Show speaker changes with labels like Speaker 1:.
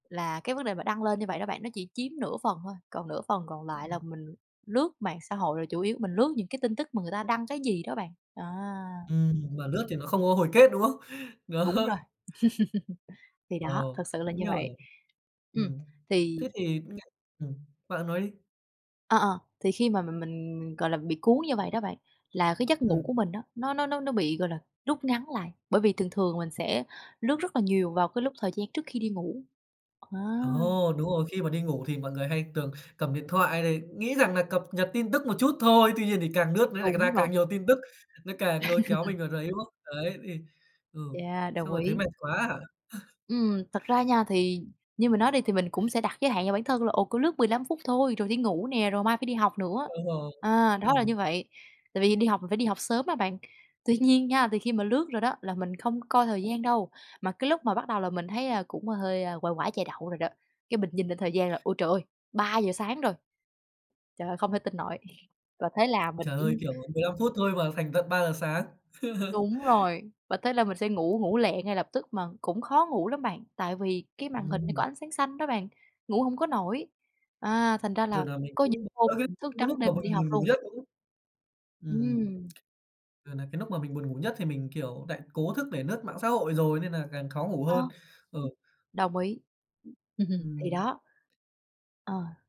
Speaker 1: Là cái vấn đề mà đăng lên như vậy đó bạn, nó chỉ chiếm nửa phần thôi, còn nửa phần còn lại là
Speaker 2: Ừm.
Speaker 1: mình lướt mạng xã hội, rồi chủ yếu mình lướt những cái tin tức mà người ta đăng cái gì đó bạn, đó.
Speaker 2: Ừm, mà lướt thì nó không có hồi kết, đúng không? Đó.
Speaker 1: Đúng rồi. Thì
Speaker 2: Ờ,
Speaker 1: đó, thực sự là như
Speaker 2: nhưng mà
Speaker 1: vậy. Ừm,
Speaker 2: ừm,
Speaker 1: thì
Speaker 2: thế thì [unintelligible] ừm, bạn nói đi.
Speaker 1: ờ, ờ, thì khi mà mình mình, gọi là, bị cuốn như vậy đó bạn, là cái giấc ngủ của
Speaker 2: Ừm.
Speaker 1: mình á, nó nó nó nó bị, gọi là, rút ngắn lại, bởi vì thường thường mình sẽ lướt rất là nhiều vào cái lúc thời gian trước khi đi ngủ. Ờ.
Speaker 2: Ồ, đúng rồi, khi mà đi ngủ thì mọi người hay tường cầm điện thoại này, nghĩ rằng nà cập nhật tin tức một chút thôi, tuy nhiên thì càng lướt nó nại
Speaker 1: Đúng
Speaker 2: ra
Speaker 1: rồi.
Speaker 2: càng nhiều tin tức, nó càng nôi kéo mình vào đấy, đúng không? Đấy, thì ừ,
Speaker 1: Yeah, đồng
Speaker 2: xong rồi thấy
Speaker 1: ý.
Speaker 2: mệt quá hả?
Speaker 1: Ừm, thật ra nha thì như mình nói đi, thì mình cũng sẽ đặt giới hạn cho bản thân là, ồ, cứ lướt 15 phút thôi, rồi đi ngủ nè, rồi mai phải đi học nữa.
Speaker 2: Đúng rồi,
Speaker 1: À, đó là
Speaker 2: ừm.
Speaker 1: như vậy, tại vì đi học mình phải đi học sớm mà bạn. Tuy nhiên nha, thì khi mà lướt rồi đó là mình không coi thời gian đâu, mà cái lúc mà bắt đầu là mình thấy, à, cũng hơi, à, "quải quải chè đậu" rồi đó, cái mình nhìn lên thời gian là "Ôi trời ơi, 3:00 sáng rồi! Trời ơi, không thể tin nổi!" Và thế là mình
Speaker 2: Trời
Speaker 1: chỉ
Speaker 2: ơi, kiểu, 15 phút thôi mà thành tận 3:00 giờ sáng.
Speaker 1: Đúng rồi, và thế là mình sẽ ngủ ngủ lẹ ngay lập tức. Mà cũng khó ngủ lắm bạn, tại vì cái màn hình nó có
Speaker 2: Ừm.
Speaker 1: ánh sáng xanh đó bạn, ngủ hổng có nổi, à, thành ra
Speaker 2: Rồi
Speaker 1: là
Speaker 2: nà mình
Speaker 1: có những
Speaker 2: cũng,
Speaker 1: hôm
Speaker 2: ơ, cái
Speaker 1: mình thức
Speaker 2: lúc
Speaker 1: trắng
Speaker 2: mà.
Speaker 1: đêm mình đi học luôn.
Speaker 2: [unintelligible] Ừm.
Speaker 1: Ừm.
Speaker 2: Rồi nà cái núc mà mình buồn ngủ nhất thì mình, kiểu, nại cố thức để lướt mạng xã hội rồi nên nà càng khó ngủ hơn.
Speaker 1: Ờ.
Speaker 2: Ờ.
Speaker 1: Đồng ý. Thì
Speaker 2: Ừm.
Speaker 1: đó. Ờ.